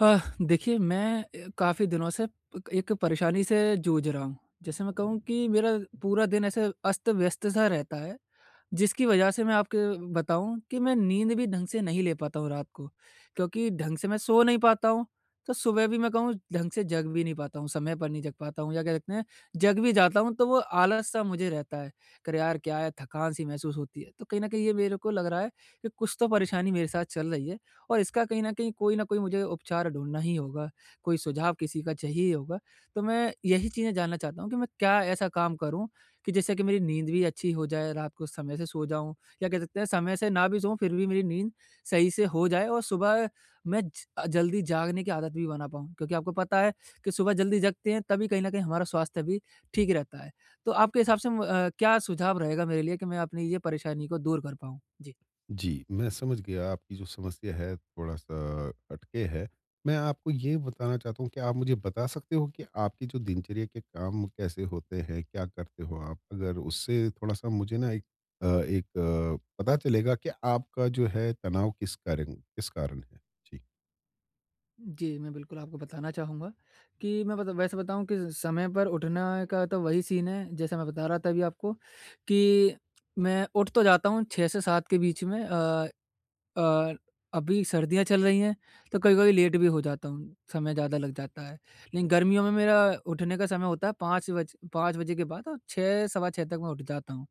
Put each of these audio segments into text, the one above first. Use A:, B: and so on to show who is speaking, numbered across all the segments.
A: हा, देखिए, मैं अ, काफ़ी दिनों से पक एक परेशानी से जूझ रहा हूँ। जैसे मैं कहूँ कि मेरा पूरा दिन ऐसे अस्त-व्यस्त सा रहता है, जिसकी वजह से मैं आपके बताऊँ कि मैं नींद भी ढंग से नहीं ले पाता हूँ रात को, क्योंकि ढंग से मैं सो नहीं पाता हूँ। तो सुबह भी मैं कहूँ, ढंग से जग भी नहीं पाता हूँ, समय पर नहीं जग पाता हूँ या कह सकते हैं, जग भी जाता हूँ तो वो आलस-सा मुझे रहता है कि अरे! यार, क्या है थकान-सी महसूस होती है। तो कहीं न कहीं ये मेरे को लग रहा है कि कुछ तो परेशानी मेरे साथ चल रही है, और इसका कहीं न कहीं कोई न कोई मुझे उपचार ढूँढना ही होगा, कोई सुझाव किसी का चाहिए ही होगा। तो मैं यही चीज़ें जानना चाहता हूँ कि मैं क्या ऐसा काम करूँ कि जिससे कि मेरी नींद भी अच्छी हो जाए, रात को समय से सो जाऊँ, या कह सकते हैं समय से ना भी सोऊँ, फिर भी मेरी नींद सही से हो जाए। और सुबह मैं ज अ, जल्दी जागने की आदत भी बना पाऊँ, क्योंकि आपको पता है कि सुबह जल्दी जगते हैं, तभी कहीं न कहीं हमारा स्वास्थ्य भी ठीक रहता है। तो आपके हिसाब से म अ, क्या सुझाव रहेगा मेरे लिए कि मैं अपनी ये परेशानी को दूर कर पाऊँ? जी।
B: जी, मैं समझ गया आपकी जो समस्या है, थोड़ा-सा हटके है। मैं आपको ये बताना चाहता हूँ कि आप मुझे बता सकते हो कि आपकी जो दिनचर्या के काम कैसे होते हैं, क्या करते हो आप? अगर उससे थोड़ा-सा मुझे ना एक अ एक अ, पता चलेगा कि आपका जो है तनाव किस कारण किस कारण है? जी।
A: जी, मैं बिल्कुल आपको बताना चाहूँगा कि मैं मतलब वैसे बताऊँ किस समय पर उठना का तो वही सीन है जैसे मैं बता रहा था अभी आपको कि मैं उठ तो जाता हूँ 6 से 7 के बीच में अ, और अभी सर्दियाँ चल रही हैं तो कभी-कभी लेट भी हो जाता हूँ। समय ज़्यादा लग जाता है लेकिन गर्मियों में मेरा उठने का समय होता है 5 बज 5 बजे के बाद और 6 सवा 6 तक मैं उठ जाता हूँ।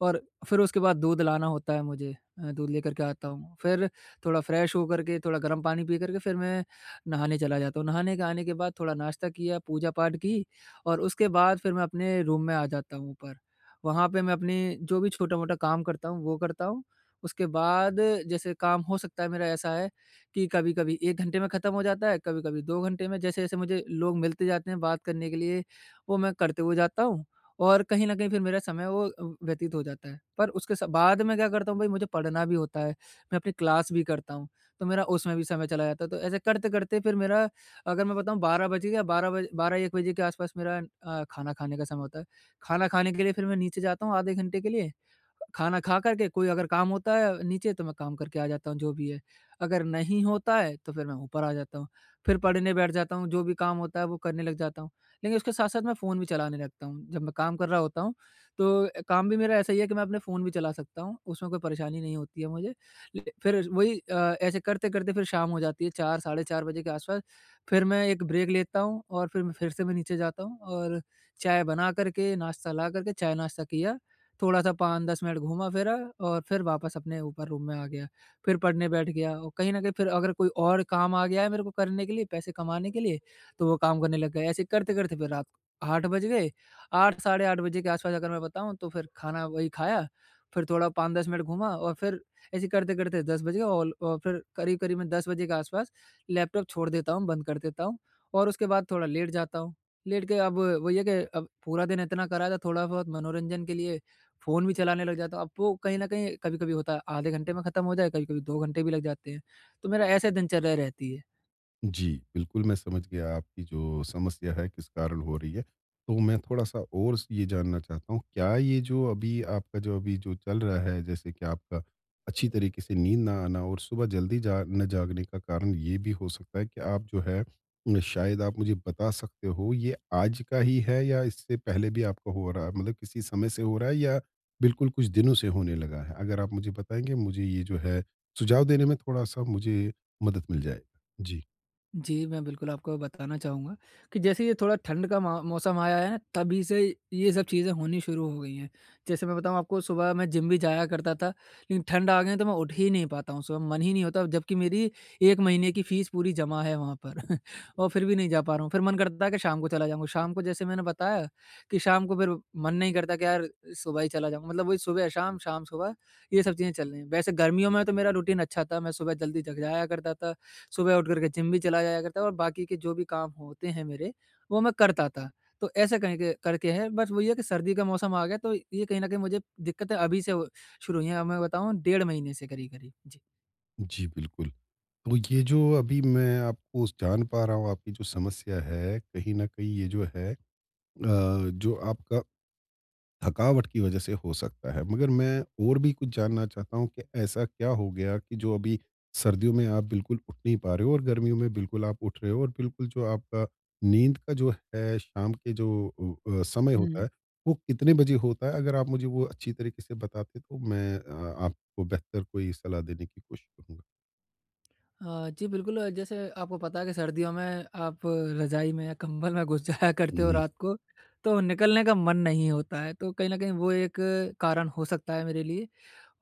A: और फिर उसके बाद दूध लाना होता है मुझे अ, दूध लेकर के आता हूँ फिर थोड़ा फ्रेश हो कर के थोड़ा गर्म पानी पी कर के फिर मैं नहाने चला जाता हूँ। नहाने के आने के बाद थोड़ा नाश्ता किया, पूजा-पाठ की और उसके बाद फिर मैं अपने रूम में आ जाता हूँ ऊपर वहाँ पे मैं अपनी जो भी छोटा-मोटा काम करता हूँ वो करता हूँ। उसके बाद जैसे काम हो सकता है मेरा ऐसा है कि कभी-कभी 1 घंटे में ख़त्म हो जाता है, कभी-कभी 2 घंटे में जैसे-जैसे मुझे लोग मिलते जाते हैं बात करने के लिए वो मैं करते हुए जाता हूँ। और कहीं न कहीं फिर मेरा समय वो व्यतीत हो जाता है पर उसके सा बाद मैं क्या करता हूँ भाई मुझे पढ़ना भी होता है, मैं अपनी क्लास भी करता हूँ तो मेरा उसमें भी समय चला जाता है तो ऐसे करते-करते फिर मेरा अगर मैं बताऊँ 12 बज गया 12 बजे 12-1 बजे के आस-पास मेरा अ, खाना खाने का समय होता है। खाना खाने के लिए फिर मैं नीचे जाता हूँ आधे घंटे के लिए खाना खाकर के कोई अगर काम होता है नीचे तो मैं काम करके आ जाता हूँ जो भी है। अगर नहीं होता है तो फिर मैं ऊपर आ जाता हूँ, फिर पढ़ने बैठ जाता हूँ जो भी काम होता है वो करने लग जाता हूँ। लेकिन उसके साथ-साथ मैं फ़ोन भी चलाने लगता हूँ। जब मैं काम कर रहा होता हूँ तो अ, काम भी मेरा ऐसा ही है कि मैं अपने फ़ोन भी चला सकता हूँ उसमें कोई परेशानी नहीं होती है मुझे ल फिर वही अ, ऐसे करते-करते फिर शाम हो जाती है 4 साढ़े 4 बजे के आस-पास फिर मैं एक ब्रेक लेता हूँ और फिर म फिर से मैं नीचे जाता हूँ और चाय बना कर के नाश्ता ला कर के चाय नाश्ता किया थोड़ा-सा 5-10 मिनट घूमा फिरा और फिर वापस अपने ऊपर रूम में आ गया फिर पढ़ने बैठ गया और कहीं न कहीं फिर अगर कोई और काम आ गया है मेरे को करने के लिए पैसे कमाने के लिए तो वो काम करने लग गए। ऐसे करते-करते फिर रात को 8 बज गए, 8 साढ़े 8 के आस-पास अगर मैं बताऊँ तो फिर खाना वही खाया फिर थोड़ा 5-10 मिनट घूमा और फिर ऐसे करते-करते 10 बज गए और अ, फिर करीब-करीब मैं 10 बजे के आस-पास लैपटॉप छोड़ देता हूँ, बंद कर देता हूँ और उसके बाद थोड़ा लेट जाता हूँ। लेट के अब वही है कि अब पूरा दिन इतना करा था थोड़ा बहुत मनोरंजन के लिए फ़ोन भी चलाने लग जाता हूँ अब वो कहीं न कहीं कभी-कभी होता है आधे घंटे में ख़त्म हो जाए कभी-कभी 2 घंटे भी लग जाते हैं तो मेरा ऐसे दिनचर्या रहती है।
B: जी, बिल्कुल। मैं समझ गया आपकी जो समस्या है, किस कारण हो रही है। तो मैं थोड़ा-सा और ये जानना चाहता हूँ क्या ये जो अभी आपका जो अभी जो चल रहा है जैसे कि आपका अच्छी तरीके से नींद ना आना और सुबह जल्दी ज न जागने का कारण ये भी हो सकता है कि आप जो है अ, शायद आप मुझे बता सकते हो ये आज का ही है या इससे पहले भी आपका हो रहा है? मतलब किसी समय से हो रहा है या बिल्कुल कुछ दिनों से होने लगा है? अगर आप मुझे बताएँगे मुझे ये जो है सुझाव देने में थोड़ा-सा मुझे मदद मिल जाए। जी।
A: जी, मैं बिल्कुल आपको बताना चाहूँगा। कि जैसे ये थोड़ा ठंड का म मौसम आया है, तभी से ये सब चीज़ें होनी शुरू हो गई हैं। जैसे मैं बताऊँ आपको सुबह मैं जिम भी जाया करता था लेकिन ठंड आ गई तो मैं उठ ही नहीं पाता हूँ, सुबह मन ही नहीं होता और जब की मेरी 1 महीने की फीस पूरी जमा है वहाँ पर। और फिर भी नहीं जा पा रहा हूँ। फिर मन करता था कि शाम को चला जाऊँगा। शाम को जैसे मैंने बताया कि शाम को फिर मन नहीं करता कि यार सुबह ही चला जाऊँ मतलब वही सुबह शाम, शाम सुबह ये सब चीज़ें चल रही हैं। वैसे गर्मियों में तो मेरा रूटीन अच्छा था मैं सुबह जल्दी जग जाया करता था। सुबह उठ करके जिम भी चला जाया करता था और बाकी के जो भी काम होते हैं मेरे वो मैं करता था। तो ऐसे कहके करके है। बस वही है कि सर्दी का मौसम आ गया तो ये कहीं न कहीं मुझे दिक्कतें अभी से हो शुरू हुई है। अब मैं बताऊँ डेढ़ महीने से करीब-करीब। जी।
B: जी, बिल्कुल। तो, ये जो अभी मैं आपको जान पा रहा हूँ, आपकी जो समस्या है कहीं न कहीं ये जो है अ, जो आपका, थकावट की वजह से हो सकता है। मगर मैं और भी कुछ जानना चाहता हूँ, कि ऐसा क्या हो गया कि जो अभी सर्दियों में आप बिल्कुल उठ नहीं पा रहे हो और गर्मियों में बिल्कुल आप उठ रहे हो और बिल्कुल जो आपका नींद का जो है, शाम के जो ओ अ, समय होता
A: हुँ।
B: है, वो कितने बजे होता है? अगर आप मुझे वो अच्छी तरीक़े से बताते तो मैं अ, आपको बेहतर कोई सलाह देने की कोशिश करूँगा।
A: अ, जी बिल्कुल जैसे आपको पता है, कि सर्दियों में आप रजाई में या कंबल में घुस जाया
B: हुँ,
A: करते हो
B: हुँ।
A: रात को, तो निकलने का मन नहीं होता है, तो कहीं न कहीं वो एक कारण हो सकता है मेरे लिए।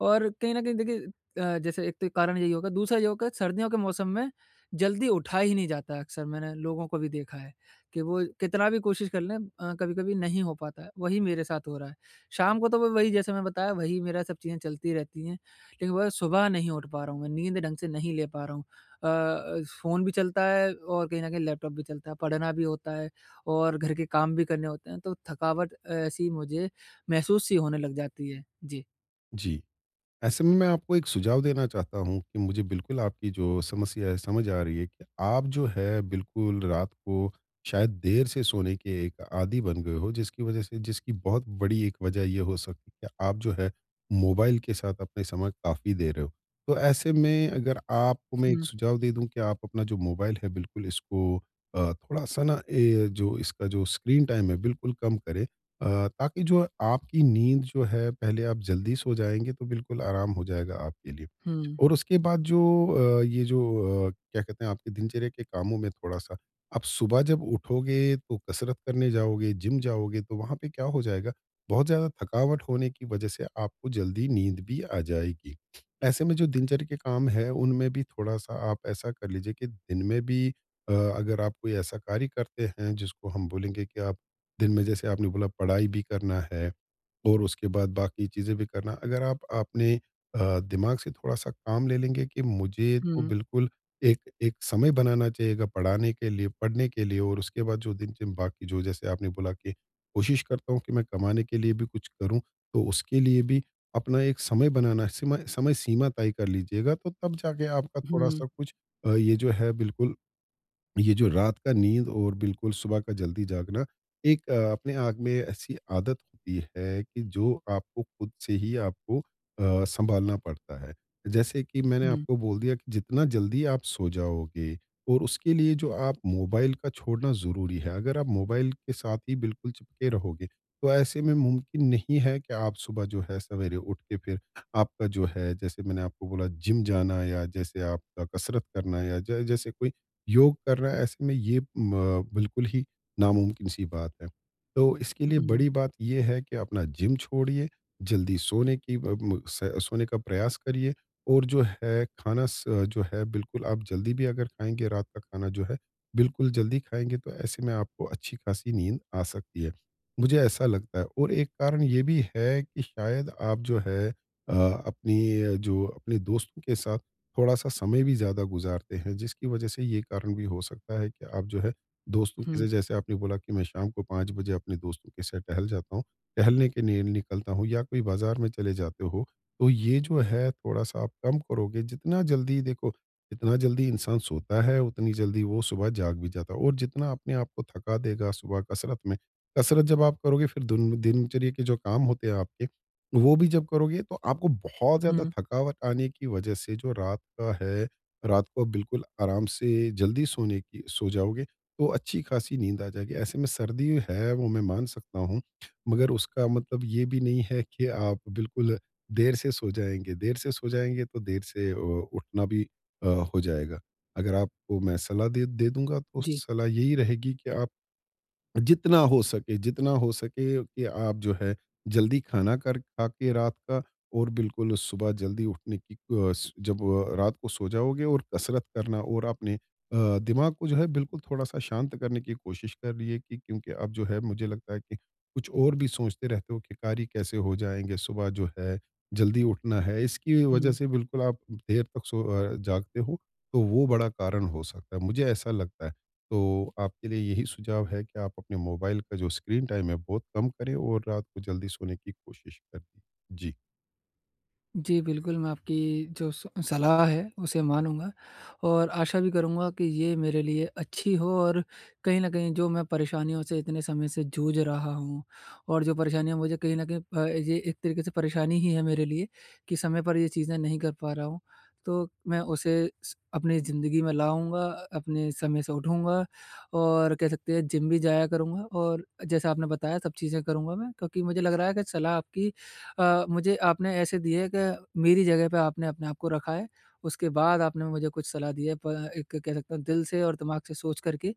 A: और कहीं न कहीं देखिए अ, जैसे एक तो कारण यही होगा, दूसरा ये होगा सर्दियों के मौसम में जल्दी उठा ही नहीं जाता है अक्सर मैंने लोगों को भी देखा है, कि वो कितना भी कोशिश कर लें अ, कभी-कभी नहीं हो पाता है, वही मेरे साथ हो रहा है। शाम को तो वो वही जैसा मैं बताया वही मेरा सब चीज़ें चलती रहती हैं। लेकिन वह सुबह नहीं उठ पा रहा हूँ, मैं नींद ढंग से नहीं ले पा रहा हूँ। अ, फ़ोन भी चलता है और कहीं न कहीं लैपटॉप भी चलता है, पढ़ना भी होता है और घर के काम भी करने होते हैं, तो थकावट ऐसी मुझे महसूस सी होने लग जाती है। जी।
B: जी। ऐसे में मैं आपको एक सुझाव देना चाहता हूँ कि मुझे बिल्कुल आपकी जो समस्या है, समझ आ रही है कि आप जो है बिल्कुल रात को, शायद देर से सोने के एक आदी बन गए हो जिसकी वजह से जिसकी बहुत बड़ी एक वजह ये हो सकती कि आप जो है मोबाइल के साथ अपने समय काफ़ी दे रहे हो। तो ऐसे में अगर आपको मैं एक
A: हुँ।
B: सुझाव दे दूँ कि, आप अपना जो मोबाइल है बिल्कुल इसको अ, थोड़ा-सा न ये जो इसका जो स्क्रीन टाइम है बिल्कुल कम करें अ, ताकि जो आपकी नींद जो है पहले आप जल्दी सो जाएँगे, तो बिल्कुल आराम हो जाएगा आपके लिए।
A: हुँ।
B: और उसके बाद जो अ, ये जो अ, क्या कहते हैं आपके दिनचर्या के कामों में थोड़ा-सा आप सुबह जब उठोगे तो कसरत करने जाओगे, जिम जाओगे तो वहाँ पे क्या हो जाएगा, बहुत ज़्यादा थकावट होने की वजह से आपको जल्दी नींद भी आ जाएगी। ऐसे में जो दिनचर्या के काम है उनमें भी थोड़ा-सा आप ऐसा कर लीजिए कि दिन में भी अ, अगर आप कोई ऐसा कार्य करते हैं जिसको हम बोलेंगे कि आप, दिन में जैसे आपने बोला पढ़ाई भी करना है और उसके बाद बाकी चीजें भी करना है। अगर आप आपने अ, दिमाग से थोड़ा-सा काम ले लेंगे कि मुझे तो
A: हुँ।
B: बिल्कुल एक, एक समय बनाना चाहिए गा पढ़ाने के लिए, पढ़ने के लिए और उसके बाद जो दिन बाकी जो जैसे आपने बोला कि कोशिश करता हूँ कि मैं कमाने के लिए भी कुछ करूँ। तो उसके लिए भी अपना एक समय बनाना सीमा समय-सीमा तय कर लीजिएगा, तो तब जाके आपका
A: हुँ।
B: थोड़ा-सा कुछ अ, ये जो है बिल्कुल ये जो रात का नींद और बिल्कुल सुबह का जल्दी जागना एक अ, अपने आग में ऐसी आदत होती है कि, जो आपको खुद से ही आपको अ, सँभालना पड़ता है। जैसे कि मैंने
A: हुँ।
B: आपको बोल दिया कि, जितना जल्दी आप सो जाओगे और उसके लिए जो आप मोबाइल का छोड़ना ज़रूरी है, अगर आप मोबाइल के साथ ही बिल्कुल चिपके रहोगे, तो ऐसे में मुमकिन नहीं है कि आप सुबह जो है सवेरे उठ के फिर आपका जो है जैसे मैंने आपको बोला जिम जाना या जैसे आपका कसरत करना या ज जैसे कोई योग कर रहा है, ऐसे में ये म बिल्कुल ही नामुमकिन सी बात है। तो इसके लिए
A: हुँ।
B: बड़ी बात ये है कि अपना जिम छोड़िए। जल्दी सोने की ब म स सोने का प्रयास करिए और जो है खाना स जो है बिल्कुल आप जल्दी भी अगर खाएँगे, रात का खाना जो है बिल्कुल जल्दी खाएँगे तो ऐसे में आपको अच्छी खासी नींद आ सकती है। मुझे ऐसा लगता है और एक कारण ये भी है कि शायद आप जो है अ, अपनी जो अपने दोस्तों के साथ थोड़ा-सा समय भी ज़्यादा गुजारते हैं, जिसकी वजह से ये कारण भी हो सकता है कि आप जो है दोस्तों के
A: हुँ।
B: लिए जैसे आपने बोला कि मैं शाम को 5 बजे अपने दोस्तों के साथ टहल जाता हूँ टहलने के लिए निकलता हूँ या कोई बाजार में चले जाते हो, तो ये जो है थोड़ा-सा आप कम करोगे, जितना जल्दी देखो जितना जल्दी इंसान सोता है उतनी जल्दी वो सुबह जाग भी जाता है और जितना अपने आपको थका देगा सुबह कसरत में कसरत जब आप करोगे फिर दिन दिनचर्या के जो काम होते हैं आपके वो भी जब करोगे, तो आपको बहुत ज़्यादा
A: हुँ।
B: थकावट आने की वजह से जो रात का है, रात को बिल्कुल आराम से जल्दी सोने की सो जाओगे, तो अच्छी खासी नींद आ जाएगी। ऐसे में सर्दी है वो मैं मान सकता हूँ, मगर उसका मतलब ये भी नहीं है कि आप बिल्कुल देर से सो जाएँगे। देर से सो जाएँगे तो देर से ओ उठना भी अ, हो जाएगा। अगर आपको मैं सलाह दे दे दूँगा तो
A: जी।
B: सलाह यही रहेगी कि आप जितना हो सके जितना हो सके कि आप जो है जल्दी खाना कर खा के रात का और बिल्कुल सुबह जल्दी उठने की अ, जब वो अ, रात को सो जाओगे और कसरत करना और आपने अ, दिमाग को जो है बिल्कुल थोड़ा-सा शांत करने की कोशिश करिए कि क्योंकि अब जो है मुझे लगता है कि कुछ और भी सोचते रहते हो कि कार्य कैसे हो जाएँगे? सुबह जो है जल्दी उठना है। इसकी वजह
A: हुँ।
B: से बिल्कुल आप देर तक सो अ, जागते हो तो वो बड़ा कारण हो सकता है। मुझे ऐसा लगता है, तो आपके लिए यही सुझाव है कि आप अपने मोबाइल का जो स्क्रीन टाइम है बहुत कम करें और रात को जल्दी सोने की कोशिश करें। जी।
A: जी, बिल्कुल मैं आपकी जो स सलाह है, उसे मानूँगा और आशा भी करूँगा कि ये मेरे लिए अच्छी हो। और कहीं न कहीं जो मैं परेशानियों से इतने समय से जूझ रहा हूँ और जो परेशानियाँ मुझे कहीं न कहीं अ, ये एक तरीके से परेशानी ही है मेरे लिए, कि समय पर ये चीज़ें नहीं कर पा रहा हूँ। तो मैं उसे स अपनी ज़िंदगी में लाऊँगा अ अपने समय से उठूँगा और कह सकते हैं, जिम भी जाया करूँगा और जैसा आपने बताया सब चीज़ें करूँगा मैं। क्योंकि मुझे लग रहा है कि सलाह आपकी अ, मुझे आपने ऐसे दी है, कि मेरी जगह पे आपने अपने आप को रखा है, उसके बाद आपने मुझे कुछ सलाह दी है, प अ, एक कह सकते हैं, दिल से और दिमाग से सोच कर के।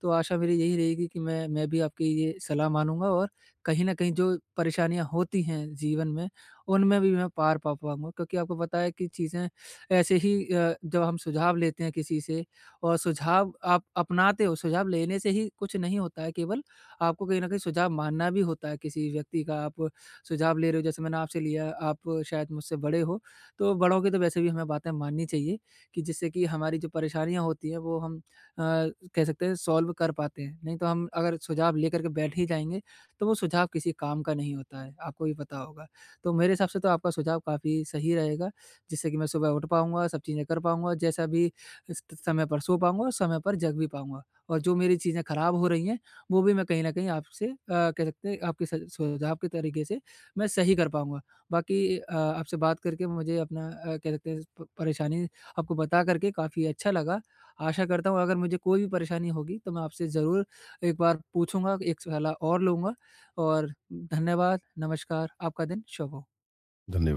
A: तो, आशा मेरी यही रहेगी कि मैं मैं भी आपकी ये सलाह मानूँगा और कहीं न कहीं जो परेशानियाँ होती हैं, जीवन में, उनमें भी मैं पार पा पाऊँगा। क्योंकि आपको पता है कि चीज़ें ऐसे ही अ, जब हम सुझाव लेते हैं किसी से और सुझाव आप अपनाते हो, सुझाव लेने से ही कुछ नहीं होता है केवल, आपको कहीं न कहीं सुझाव मानना भी होता है, किसी व्यक्ति का आप सुझाव ले रहे हो जैसे मैंने आपसे लिया, आप शायद मुझसे बड़े हो, तो बड़ों की तो वैसे भी हमें बातें माननी चाहिए, कि जिससे कि हमारी जो परेशानियाँ होती हैं, वो हम अ, कह सकते हैं सॉल्व कर पाते हैं। नहीं तो हम अगर सुझाव लेकर के बैठ ही जाएँगे, तो वो सुझाव किसी काम का नहीं होता है, आपको भी पता होगा। तो मेरे हिसाब से तो आपका सुझाव काफ़ी सही रहेगा, जिससे कि मैं सुबह उठ पाऊँगा, सब चीज़ें कर पाऊँगा जैसा अभी इस किस समय पर सो पाऊँगा और समय पर जग भी पाऊँगा। और जो मेरी चीज़ें खराब़ हो रही हैं, वो भी मैं कहीं न कहीं आपसे अ, कह सकते हैं, आपके सझ सुझाव के तरीके से मैं सही कर पाऊँगा। बाकी अ, आपसे बात करके मुझे अपना अ, कह सकते हैं प परेशानी आपको बता कर के काफ़ी अच्छा लगा। आशा करता हूँ अगर मुझे कोई भी परेशानी होगी, तो मैं आपसे ज़रूर एक बार पूछूँगा, एक सलाह और लूँगा और धन्यवाद, नमस्कार, आपका दिन शुभ हो।
B: धन्यवाद।